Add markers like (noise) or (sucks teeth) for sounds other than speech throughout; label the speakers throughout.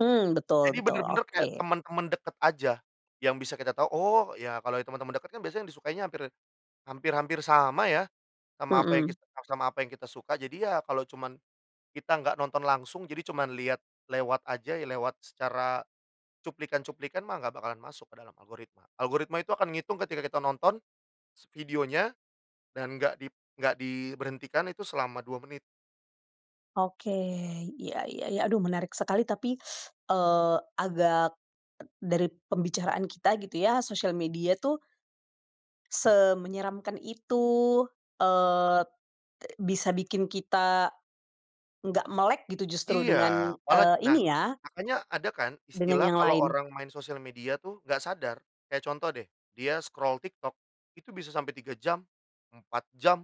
Speaker 1: Mmm, betul
Speaker 2: Jadi
Speaker 1: betul,
Speaker 2: bener-bener kayak
Speaker 1: oke.
Speaker 2: temen-temen deket aja, yang bisa kita tahu, oh ya, kalau temen-temen deket kan biasanya yang disukainya hampir hampir hampir sama ya, sama apa yang
Speaker 1: Mhm.
Speaker 2: kita s sama apa yang kita suka. Jadi ya kalau cuman kita nggak nonton langsung jadi cuman liat, lewat aja ya, lewat secara, cuplikan-cuplikan mah nggak bakalan masuk ke dalam algoritma algoritma itu akan ngitung ketika kita nonton, s videonya, dan nggak dip nggak diberhentikan itu selama 2 menit.
Speaker 1: Oke, iya iya, ya, aduh menarik sekali tapi, (sucks teeth) eee, agak, dari pembicaraan kita gitu ya, sosial media tuh ...semenyeramkan itu, eee, e bisa bikin kita, nggak melek gitu, justru
Speaker 2: Iya,
Speaker 1: dengan,
Speaker 2: malah
Speaker 1: eee,
Speaker 2: nah
Speaker 1: ini ya
Speaker 2: makanya, ada kan
Speaker 1: dengan
Speaker 2: istilah
Speaker 1: yang
Speaker 2: kalau
Speaker 1: lain.
Speaker 2: orang main sosial media tuh, nggak sadar, kayak contoh deh, dia scroll TikTok, itu bisa sampai 3 jam, 4 jam.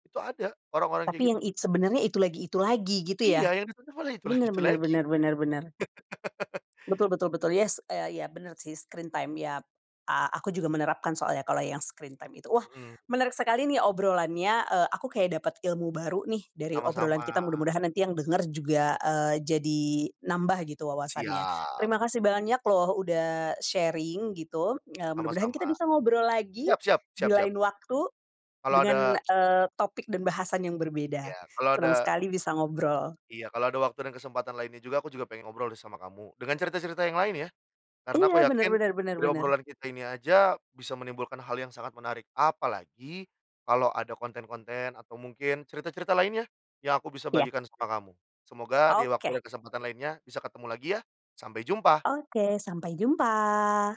Speaker 2: Itu ada, orang-orang kayak
Speaker 1: Tapi yang,
Speaker 2: gitu.
Speaker 1: i sebenarnya itu lagi itu lagi gitu
Speaker 2: Iya,
Speaker 1: ya,
Speaker 2: yang di tonton malah itu lagi
Speaker 1: benar
Speaker 2: itu
Speaker 1: benar
Speaker 2: lagi.
Speaker 1: benar benar benar.
Speaker 2: (laughs)
Speaker 1: Betul betul betul, yes, e iya benar sih, screen time iya p a aku juga menerapkan soalnya kalau yang screen time itu. Wah,
Speaker 2: Mhm.
Speaker 1: menarik sekali nih obrolannya, e aku kayak dapet ilmu baru nih dari obrolan
Speaker 2: Sama-sama.
Speaker 1: kita mudah-mudahan nanti yang denger juga, eee, jadi nambah gitu wawasannya.
Speaker 2: Siap.
Speaker 1: Terima kasih banyak loh, udah sharing gitu, eee, mudah-mudahan
Speaker 2: Sama-sama,
Speaker 1: kita bisa ngobrol lagi,
Speaker 2: siap siap
Speaker 1: di
Speaker 2: siap siap.
Speaker 1: lain waktu,
Speaker 2: Kalau ada
Speaker 1: dengan, eee, topik dan bahasan yang
Speaker 2: Iya,
Speaker 1: berbeda,
Speaker 2: kalau
Speaker 1: senang
Speaker 2: ada
Speaker 1: sekali bisa ngobrol.
Speaker 2: Iya, kalau ada waktu dan kesempatan lainnya juga, aku juga pengen ngobrol deh sama kamu, dengan cerita-cerita yang lain ya. Karena
Speaker 1: Iya,
Speaker 2: aku
Speaker 1: benar
Speaker 2: yakin
Speaker 1: benar benar
Speaker 2: dari
Speaker 1: benar.
Speaker 2: obrolan kita ini aja, bisa menimbulkan hal yang sangat menarik, apalagi kalau ada konten-konten atau mungkin cerita-cerita lainnya, yang aku bisa
Speaker 1: Iya.
Speaker 2: bagikan sama kamu, semoga di waktu
Speaker 1: Oke.
Speaker 2: dan kesempatan lainnya bisa ketemu lagi ya, sampai jumpa.
Speaker 1: Oke, sampai jumpa.